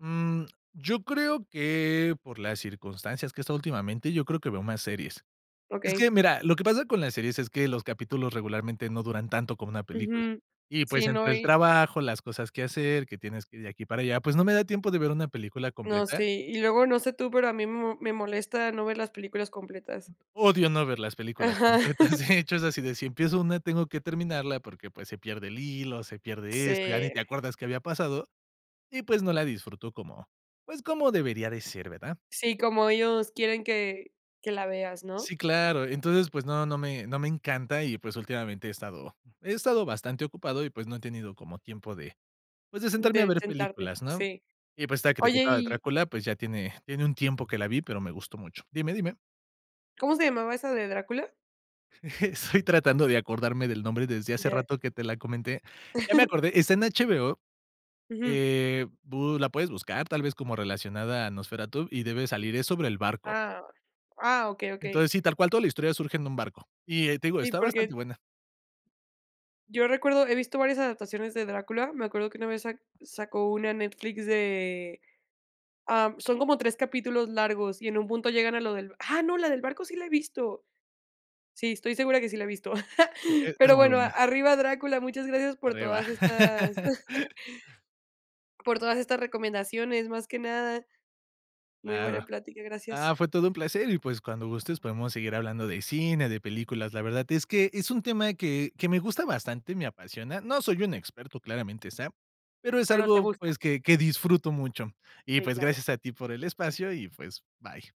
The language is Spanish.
Mm, yo creo que, por las circunstancias que he estado últimamente, yo creo que veo más series. Es que, Okey. mira, lo que pasa con las series es que los capítulos regularmente no duran tanto como una película. Ujú. Y, pues, Sí entre no, el y trabajo, las cosas que hacer, que tienes que ir de aquí para allá, pues, no me da tiempo de ver una película No, completa. sí. Y luego, no sé tú, pero a mí me mo me molesta no ver las películas completas. Odio no ver las películas Ajá. completas, de hecho, es así de, si empiezo una, tengo que terminarla porque, pues, se pierde el hilo, se pierde esto, ya ni Sí. te acuerdas qué había pasado y, pues, no la disfruto como, pues, como debería de ser, ¿verdad? Sí, como ellos quieren que que la veas, ¿no? Sí, claro. Entonces, pues no, no me no me encanta y, pues, últimamente he estado he estado bastante ocupado y, pues no he tenido como tiempo de, pues, de sentarme a De ver sentarte, películas, ¿no? sí. Y pues, esta Oye [unintelligible] de y Drácula, pues, ya tiene tiene un tiempo que la vi, pero me gustó mucho Dime, dime. ¿Cómo se llamaba esa de Drácula? Estoy tratando de acordarme del nombre desde hace Ya. rato que te la comenté. Ya me acordé, está en HBO, Ujú. eh, bu la puedes buscar tal vez como relacionada a Nosferatu y debe salir, es sobre el barco. Ah. Ah, okey, okey. Entonces, si, tal cual, toda la historia surge en un barco. Y, eh, te digo, Sí, está bastante porque buena. yo recuerdo he visto varias adaptaciones de Drácula. Me acuerdo que una vez sac sacó una Netflix de ah, son como 3 capítulos largos, y en un punto llegan a lo del ah, no, ¡la del barco sí la he visto! Sí, estoy segura que sí la he visto. Sí, e es pero, muy bueno, a buena. arriba Drácula, muchas gracias por Arriba. todas estas por todas estas recomendaciones, más que nada muy Claro buena plática, Ah, gracias. fue todo un placer y, pues, cuando gustes podemos seguir hablando de cine, de películas. La verdad es que es un tema que que me gusta bastante, me apasiona. No soy un experto, claramente está. Pero es Pero te algo, gusta. pues, que que disfruto mucho. Y, Sí pues, claro. gracias a ti por el espacio y, pues, bye.